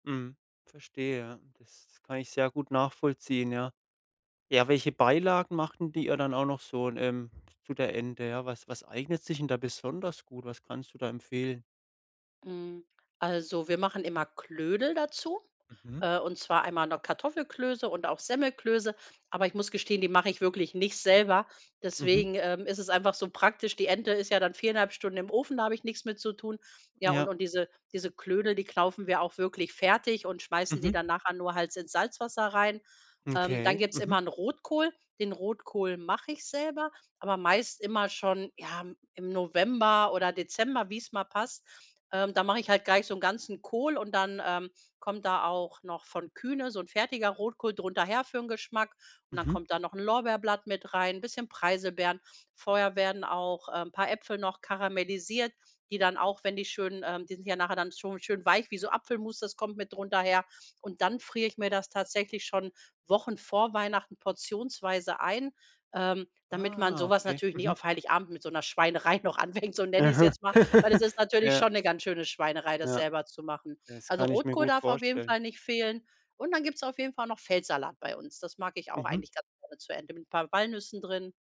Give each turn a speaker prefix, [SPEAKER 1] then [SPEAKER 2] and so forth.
[SPEAKER 1] Mhm. Verstehe ja. Das kann ich sehr gut nachvollziehen, ja. Ja, welche Beilagen macht denn die da dann auch noch so 'n, ähm, zu der Ente? Ja, was was eignet sich denn da besonders gut? Was kannst du da empfehlen?
[SPEAKER 2] Hm, also wir machen immer Knödel dazu,
[SPEAKER 1] Mhm.
[SPEAKER 2] äh, und zwar einmal, ne, Kartoffelklöße und auch Semmelklöße. Aber ich muss gestehen, die mache ich wirklich nicht selber,
[SPEAKER 1] Mhm.
[SPEAKER 2] deswegen, ähm, ist es einfach so praktisch. Die Ente ist ja dann 4 1/2 Stunden im Ofen, da habe ich nichts mit zu tun. Ja, und
[SPEAKER 1] Ja.
[SPEAKER 2] und diese diese Knödel, die kaufen wir auch wirklich fertig und schmeißen die
[SPEAKER 1] Mhm.
[SPEAKER 2] dann nachher nur halt ins Salzwasser rein. Ähm, dann
[SPEAKER 1] Okay.
[SPEAKER 2] gibt's immer
[SPEAKER 1] Mhm.
[SPEAKER 2] 'n Rotkohl. Den Rotkohl mache ich selber, aber meist immer schon, ja, im im November oder Dezember, wie's mal passt. Ähm, da mache ich halt gleich so 'n ganzen Kohl und dann, ähm, kommt da auch noch von Kühne so 'n fertiger Rotkohl drunter her für 'n Geschmack. Und dann
[SPEAKER 1] Mhm.
[SPEAKER 2] kommt da noch 'n Lorbeerblatt mit rein, bisschen Preiselbeeren. Vorher werden auch, ähm, paar Äpfel noch karamellisiert, die dann auch, wenn die schön, ähm die sind ja nachher dann schon schön weich wie so Apfelmus, das kommt mit drunter her. Und dann frier ich mir das tatsächlich schon Wochen vor Weihnachten portionsweise ein, ähm, damit man
[SPEAKER 1] Ah,
[SPEAKER 2] so was
[SPEAKER 1] okay.
[SPEAKER 2] natürlich nicht
[SPEAKER 1] Mhm.
[SPEAKER 2] auf Heiligabend mit so 'ner Schweinerei noch anfängt, so nenne ich's
[SPEAKER 1] Aha.
[SPEAKER 2] jetzt mal, weil es ist natürlich
[SPEAKER 1] Ja.
[SPEAKER 2] schon 'ne ganz schöne Schweinerei, das
[SPEAKER 1] Ja.
[SPEAKER 2] selber zu machen.
[SPEAKER 1] Das
[SPEAKER 2] Also
[SPEAKER 1] kann ich mir
[SPEAKER 2] Rotkohl
[SPEAKER 1] gut
[SPEAKER 2] darf auf jeden
[SPEAKER 1] vorstellen.
[SPEAKER 2] Fall nicht fehlen. Und dann gibt's auf jeden Fall noch Feldsalat bei uns. Das mag ich auch
[SPEAKER 1] Mhm.
[SPEAKER 2] eigentlich ganz gerne zu Ente mit paar Walnüssen drin.